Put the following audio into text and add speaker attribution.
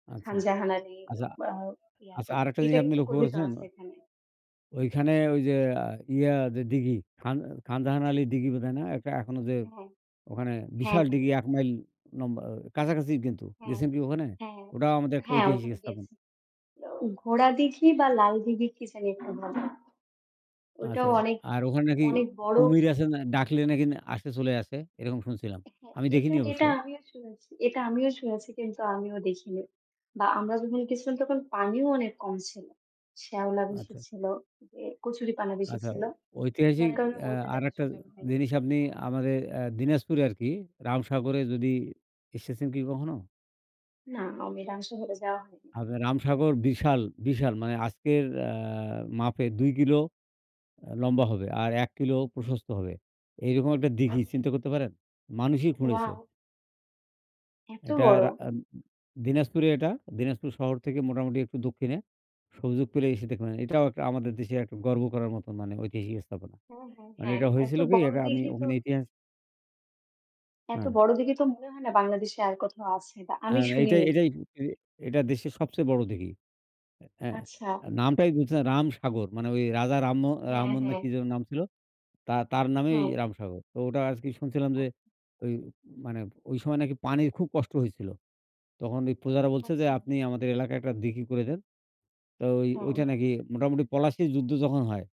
Speaker 1: আচ্ছা,
Speaker 2: খানজাহান আলীর
Speaker 1: আচ্ছা,
Speaker 2: আ
Speaker 1: আচ্ছা
Speaker 2: ইয়াতে।
Speaker 1: আরেকটা
Speaker 2: এটা
Speaker 1: জিনিস আপনি
Speaker 2: কিন্তু
Speaker 1: লক্ষ্য
Speaker 2: কবিতা
Speaker 1: করেছেন?
Speaker 2: আছে এখানে।
Speaker 1: ওইখানে ওই যে আ ইয়া যে দিঘি খান খান জাহান আলী দিঘি বোধহয় না একটা এখনো যে
Speaker 2: হ্যাঁ,
Speaker 1: ওখানে
Speaker 2: হ্যাঁ,
Speaker 1: বিশাল
Speaker 2: হ্যাঁ।
Speaker 1: দিঘি ১ মাইল লম্বা কাছাকাছি কিন্তু
Speaker 2: হ্যাঁ,
Speaker 1: গেছেন কি ওখানে?
Speaker 2: হ্যাঁ,
Speaker 1: ওটাও আমাদের একটা
Speaker 2: হ্যাঁ,
Speaker 1: ঐতিহাসিক
Speaker 2: ওখানে
Speaker 1: স্থাপন।
Speaker 2: গেছি। ই ঘোড়া দিঘি বা লাল দিঘি কি জানি একটা বলে ওইটাও
Speaker 1: আচ্ছা,
Speaker 2: অনেক,
Speaker 1: আর ওখানে নাকি
Speaker 2: অনেক বড়
Speaker 1: কুমির আছে না। ডাকলে নাকি আসে চলে আসে? এরকম শুনছিলাম।
Speaker 2: হ্যাঁ,
Speaker 1: আমি
Speaker 2: এটা
Speaker 1: দেখিনি অবশ্য।
Speaker 2: এটা আমিও শুনেছি এটা আমিও শুনেছি কিন্তু আমিও দেখিনি। বা আমরা যখন গেছিলাম তখন পানিও অনেক কম ছিল। শ্যাওলা বেশি
Speaker 1: আচ্ছা।
Speaker 2: ছিল, যে কচুরিপানা বেশি
Speaker 1: আচ্ছা,
Speaker 2: ছিল। যার
Speaker 1: ঐতিহাসিক
Speaker 2: কারণে
Speaker 1: আ
Speaker 2: ওইটা দেখার
Speaker 1: আরেকটা
Speaker 2: সুযোগ হয়নি।
Speaker 1: জিনিস আপনি আমাদের আ দিনাজপুরে আরকি রামসাগরে যদি এসেছেন কি কখনো?
Speaker 2: না, আমি রামসাগর এ যাওয়া হয়নি।
Speaker 1: আপনার রামসাগর বিশাল, বিশাল মানে আজকের আ মাপে ২ কিলো আ লম্বা হবে আর ১ কিলো প্রশস্ত হবে। এই রকম একটা দিঘি চিন্তা করতে পারেন? মানুষই খুঁড়েছে।
Speaker 2: ওয়াও! এত
Speaker 1: এটা
Speaker 2: বড়!
Speaker 1: রা আ দিনাজপুরে এটা। দিনাজপুর শহর থেকে মোটামুটি একটু দক্ষিণে। সুযোগ পেলে এসে দেখবেন। এটাও একটা আমাদের দেশের একটা গর্ব করার মত মানে ঐতিহাসিক স্থাপনা।
Speaker 2: হ্যাঁ, হ্যাঁ,
Speaker 1: মানে
Speaker 2: হ্যাঁ।
Speaker 1: এটা
Speaker 2: এত
Speaker 1: হয়েছিল কি,
Speaker 2: বড়
Speaker 1: এটা আমি
Speaker 2: দিঘি তো
Speaker 1: ওখানে ইতিহাস
Speaker 2: এত
Speaker 1: হ্যাঁ।
Speaker 2: বড় দিঘি তো মনে হয় না বাংলাদেশে আর কোথাও আছে বা আমি
Speaker 1: হ্যাঁ, এটাই
Speaker 2: শুনিনি তো।
Speaker 1: এটাই এ এটা দেশের সবচেয়ে বড় দিঘি। এ
Speaker 2: আচ্ছা।
Speaker 1: নামটাই বুঝছেন রামসাগর। মানে ওই রাজা রাম অ
Speaker 2: হ্যাঁ,
Speaker 1: রাহমন না
Speaker 2: হ্যাঁ।
Speaker 1: কি যেন নাম ছিল তা তার নামেই
Speaker 2: হ্যাঁ।
Speaker 1: রামসাগর। তো ওটা আজকে শুনছিলাম যে,
Speaker 2: আচ্ছা।
Speaker 1: ওই মানে ওই সময় নাকি পানির খুব কষ্ট হইছিল। তখন ওই প্রজারা বলছে যে,
Speaker 2: আচ্ছা।
Speaker 1: "আপনি আমাদের এলাকায় একটা দিঘি করে দেন।" তো ওই
Speaker 2: হ্যাঁ।
Speaker 1: ওইটা নাকি মোটামুটি পলাশীর যুদ্ধ যখন হয়।